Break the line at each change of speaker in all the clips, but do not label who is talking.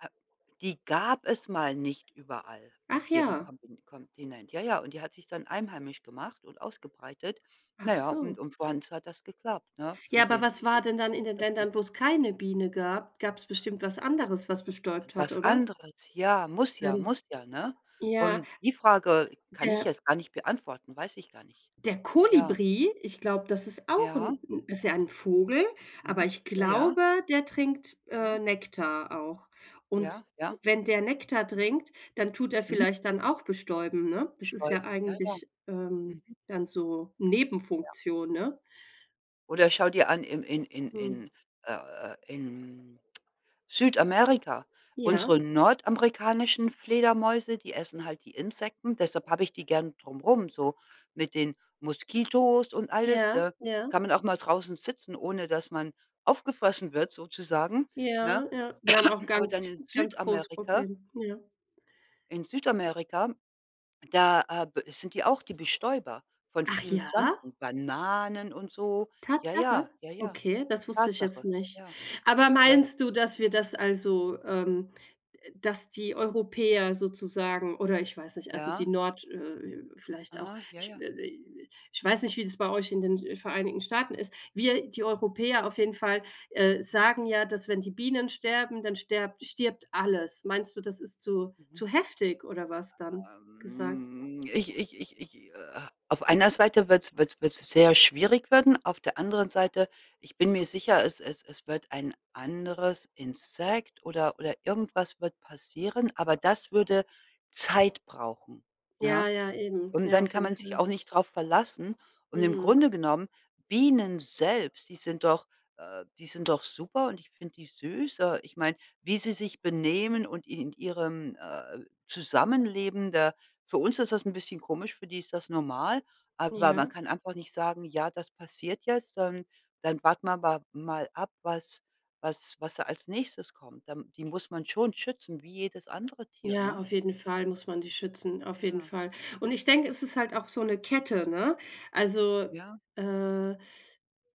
Äh, die gab es mal nicht überall, auf
Ach
jedem
ja.
Kompi Kontinent. Ja, ja, und die hat sich dann einheimisch gemacht und ausgebreitet.
Ach
Na ja,
so.
und und für uns hat das geklappt, ne, für
Ja, aber
jeden,
was war
so.
denn dann in den
Das 'n
Ländern, wo es keine Biene gab? Gab's bestimmt was
D
anderes, was bestäubt hat,
etwas
oder?
anderes, ja, muss ja,
Mhm.
muss ja, ne?
Ja.
Und die Frage kann ich
Ja.
jetzt gar nicht beantworten, weiß ich gar nicht.
Der
Ja.
Kolibri, ich glaube, das ist auch ist
Ja.
'n 'n ist ja 'n Vogel, aber
Mhm.
ich
Ja, ja.
glaube, der trinkt, äh,
Mhm.
Nektar auch.
Ja.
Und
Ja.
wenn der Nektar
Mhm.
trinkt, dann tut er
Mhm.
vielleicht dann auch bestäuben,
[unintelligible]
ne? Das ist ja
bestäuben, ja, ja.
eigentlich, ähm,
Mhm.
dann so
Ja.
Nebenfunktion, ne?
Oder schau dir an, im in in
Mhm.
in äh äh, in Südamerika.
Ja.
Unsere nordamerikanischen Fledermäuse, die essen halt die Insekten. Deshalb habe ich die gerne drum rum, so mit den Moskitos und alles,
Ja.
da
Ja.
kann man auch mal draußen sitzen, ohne dass man aufgefressen wird, sozusagen, ne?
Ja, ja. Wir haben auch
Aber
ganz
dann
v
in
ganz große
Südamerika
Problem, ja.
in Südamerika, da, äh, b sind die auch die Bestäuber von
Ach
vielen
ja?
Pflanzen, Bananen und so. Ja, ja.
Tatsache?
Ja, ja,
Okay, das wusste ich jetzt
Tatsache.
nicht.
Ja.
Aber
Ja.
meinst du, dass wir das also ähm, dass die Europäer sozusagen oder ich weiß nicht, also die
Ja.
Nord äh äh, vielleicht auch,
Aha, ja,
ich,
ja.
äh, äh, ich weiß nicht, wie das bei euch in den, äh, Vereinigten Staaten ist. Wir die Europäer
Hm.
auf jeden Fall, äh,
Mhm.
sagen ja, dass, wenn die Bienen sterben, dann sterbt stirbt alles. Meinst du, das ist zu
Mhm.
zu heftig oder was dann gesagt?
Ähm, ich ich ich ich äh, auf einer Seite wird's wird's wird's sehr schwierig werden, auf der anderen Seite, ich bin mir sicher, es es es wird ein anderes Insekt oder oder irgendwas wird passieren, aber das würde Zeit brauchen,
Ja,
ne?
ja, eben.
Und
Ja,
dann
auf
kann
jeden
man sich
Fall.
auch nicht drauf verlassen. Und im
Mhm.
Grunde genommen, Bienen selbst, die sind doch, äh, die sind doch super und ich finde die süß. Äh, ich meine, wie sie sich benehmen und in in d ihrem, äh, Zusammenleben da für uns ist das 'n bisschen komisch, für die ist das normal, aber man
Ja.
kann einfach nicht sagen: „Ja, das passiert jetzt, dann dann warten wir wa mal ab, was was was da als Nächstes kommt.” Dann die muss man schon schützen wie jedes andere Tier,
Ja,
ne?
auf jeden Fall muss man die schützen, auf jeden
Ja.
Fall. Und ich denke, es ist halt auch so 'ne Kette, ne? Also,
Ja.
äh,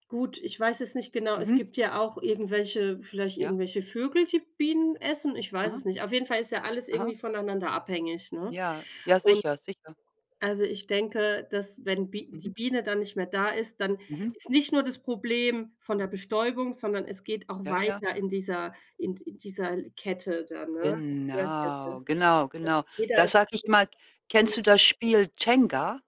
gut, ich weiß es nicht genau es
Mhm.
gibt ja auch irgendwelche vielleicht
Ja.
irgendwelche Vögel, die Bienen essen, ich weiß
Mhm.
es nicht. Auf jeden Fall ist ja alles
Aha.
irgendwie voneinander abhängig, ne?
Ja. Ja,
Und
sicher, sicher.
also, ich denke, dass, wenn Bi die
Mhm.
Biene dann nicht mehr da ist, dann
Mhm.
ist nicht nur das Problem von der Bestäubung, sondern es geht auch
Ja, ja.
weiter in dieser in d dieser Kette dann, ne? Tierkette.
Genau, genau,
Ja.
genau.
Jeder
Da
ist
sage ich immer:
hm.
„Kennst du das Spiel Jenga?“